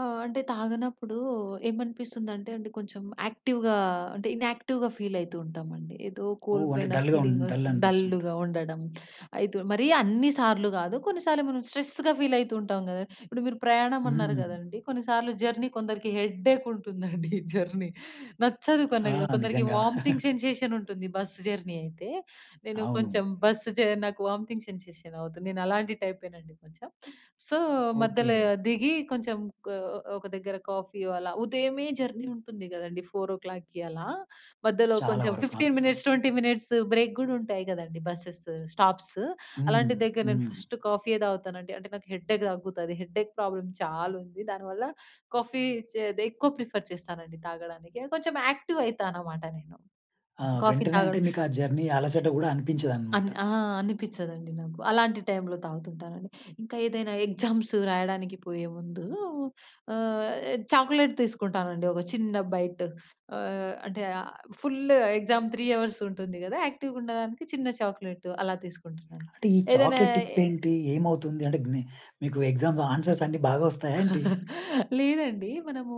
ఆహ్. అంటే తాగనప్పుడు ఏమనిపిస్తుందంటే అండి కొంచెం యాక్టివ్‌గా అంటే ఇన్‌యాక్టివ్‌గా ఫీల్ అయితూ ఉంటామండి. ఏదో ఓ! అంటే కోల్పోయిన డల్‌గా ఉం ఫీలింగ్ డల్ వస్తుంది. అనిపిస్తుంటు డల్‌గా ఉండడం అయితు మరి అన్ని సార్లు గాదు. కొన్నిసార్లు మనం స్ట్రెస్‌గా ఫీల్ అయితూ ఉంటాం గదా. ఇప్పుడు మీరు ప్రయాణం అన్నారు హ్మ్. గదండీ. కొన్నిసార్లు జర్నీ కొందరికి హెడ్డేక్ ఉంటుందండి జర్నీ. నచ్చదు కొన్న ఆ! కొందరికి నిజంగా. వోమిటింగ్ సెన్సేషన్ ఉంటుంది బస్ జర్నీ అయితే. నేను అవును. కొంచెం బస్ చె నాకు వామిటింగ్ సెన్సేషన్ అవుతుంది. నేనలాంటి టైపేనండి కొంచెం. సో మధ్యల ఓకే. దిగి కొంచెం క ఒక దగ్గర కాఫీ, ఇవాల ఉదయమే జర్నీ ఉంటుంది గదండీ 4:00కి అలా, మధ్యలో చాలా కొంచెం వరకు. 15 ఆ! మినిట్స్ 20 మినిట్స్ బ్రేక్ గూడా ఉంటాయి గదండీ బసెస్ స్టాప్స్. హ్మ్. అలాంటి దగ్గర నేను హ్మ్. ఫస్ట్ కాఫీ‌యే తాగుతానండి. అంటే నాకు హెడ్డేక్ తగ్గుతది. హెడ్డేక్ ప్రాబ్లమ్ చాలా ఉంది. దానివల్ల కాఫీ చే దె ఎక్కువ ప్రిఫర్ చేస్తానండి తాగడానికి. కొంచెం యాక్టివ్ అయితా అన్నమాట నేను. ఆ! కాఫీ వెంటనే అంటే తాగడం మీకా జర్నీ అలసట గూడా అనిపించదన్నమాట. అన్ ఆ! అనిపిచదండి నాకు. అలాంటి టైమ్‌లో తాగుతుంటానండి. ఇంకా ఏదైనా ఎగ్జామ్స్ రాయడానికి పోయేముందు ఆహ్. చాక్లెట్ తీసుకుంటానండి ఒక చిన్న బైట్. ఆహ్, అంటే ఆహ్, ఫుల్ ఎగ్జామ్ 3 అవర్స్ ఉంటుంది గదా. యాక్టివ్‌గా ఉండడానికి చిన్న చాక్లెట్ అలా తీసుకుంటానండి. అంటే ఈ ఏదైనా చాక్లేట్ టిప్ ఏంటి? ఏమవుతుంది? అంటే మీ మీకు ఎగ్జామ్ ఆన్సర్స్ అన్ని బాగా వస్తాయా ఏంటి? లేదండి. మనము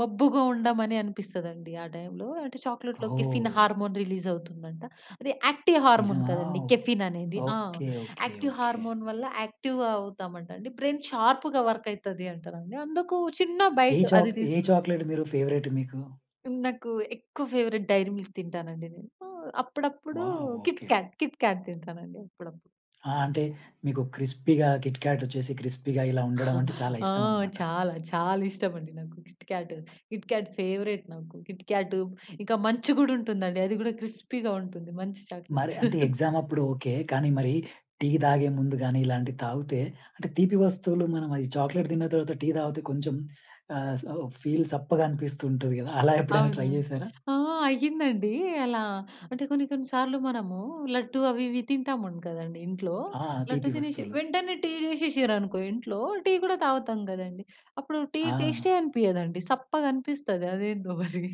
మబ్బుగా ఉండమని అని అనిపిస్తదండి ఆ టైమ్‌లో. అంటే చాక్లేట్‌లో కెఫెన్ ఓహ్! హార్మోన్ రిలీజ్ అవుతుందంట. అది యాక్టివ్ హార్మోన్ నిజమా? గదండీ కెఫెన్ అనేది. ఆ! Okay. Okay. Active okay. Hormone వల్ల యాక్టివ్‌గా అవుతామంట అండి. బ్రెయిన్ షార్ప్‌గా వర్క్ అయితది అంట అండి. అందుకు చిన్న ఏ బైట్ అది చాక్ ఏ తీసుకు చాక్లెట్ మీరు ఫేవరెట్ మీకు? నాకు ఎక్కువ ఫేవరెట్ 'డైరీ మిల్క్' తింటానండి నేను. అప్పుడప్పుడు వావ్! ఓకే. 'కిట్‌కాట్' 'కిట్‌కాట్' తింటానండి అప్పుడప్పుడు. ఆ! అంటే మీకు క్రిస్పీ‌గా 'కిట్‌కాట్' వచ్చేసి క్రిస్పీ‌గా ఇలా ఉండడం అంటే చాలా ఆ! ఇష్టం అన్నమాట. చాలా చాలా ఇష్టం అండి నాకు 'కిట్‌కాట్'. 'కిట్‌కాట్' ఫేవరెట్ నాకు. కిట్‌కాటు ఇంకా 'మంచ్' కూడా ఉంటుందండి. అది కూడా క్రిస్పీగా ఉంటుంది 'మంచ్' చాక్లెట్. మరి అంటే ఎగ్జామ్ అప్పుడు ఓకే. కానీ మరీ టీ తాగే ముందు గాని ఇలాంటివి తాగుతే అంటే తీపి వస్తువులు మనం అది చాక్లెట్ తిన్న తర్వాత టీ తాగితే కొంచెం ఆహ్, స ఫీల్ సప్పగా అనిపిస్తూ ఉంటది కదా. అలా ఎప్పుడైనా అవును. ట్రై జేసారా? ఆ! అయ్యిందండి. అలా అంటే కొన్ని కొన్ని సార్లు మనము లడ్డూ అవి ఇవి తింటాము గదండీ ఇంట్లో. ఆ! లడ్డూ తీపి తినేషి వస్తువులు. వెంటనే టీ చేశేషిర్రనుకో ఇంట్లో. టీ కూడా తాగుతాం గదండీ. అప్పుడు టీ ఆ! టేస్టే అనిపియదండి. సప్పగా అనిపిస్తది అదేందో మరి.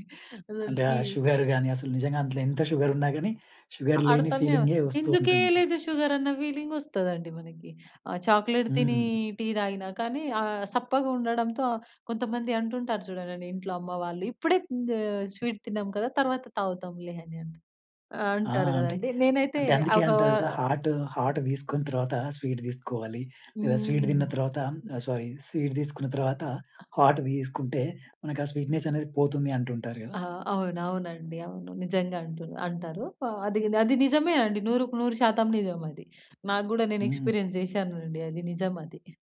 అసలు అంటే ఆ టీ షుగర్ గాని అసలు నిజంగా అందులో ఎంత షుగర్ ఉన్నా గాని షుగర్ లేని అర్థమే అవు ఫీలింగే వస్తూ ఉంటుంది. ఎందుకేయలేదు షుగర్ అన్న ఫీలింగ్ వస్తదండి మనకి. ఆ చాక్లెట్ తిని హ్మ్. టీ తాగినా కానీ ఆహ్. సప్పగా ఉండడంతో ఆహ్, కొంతమంది అంటుంటారు చూడండండి. ఇంట్లో అమ్మ వాళ్ళు ఇప్పుడే హ్మ్, ఆహ్, స్వీట్ తిన్నాం కదా! తర్వాత తాగుతాంలే అని అని ఆహ్, ఆ! అంటారు అంటే కదండీ. నేనైతే అంటే అందుకే ఒక అంటారు గదా! హాట్ హాట్ తీసుకున్న తర్వాత స్వీట్ తీసుకోవాలి. లేదా స్వీట్ తిన్న హ్మ్. తర్వాత ఆహ్, సారీ స్వీట్ తీసుకున్న తర్వాత హాట్ తీసుకుంటే మనకి ఆ స్వీట్‌నెస్ అనేది పోతుంది అంటుంటారు గదా! ఆ! అవును. అవునండి. అవును. నిజంగా అంటు అంటారు. ఆహ్. అది అది నిజమే అండి. 100కి 100% నిజం అది. నాకు కూడా నేను హ్మ్. ఎక్స్పీరియన్స్ చేశానండి. అది నిజమది.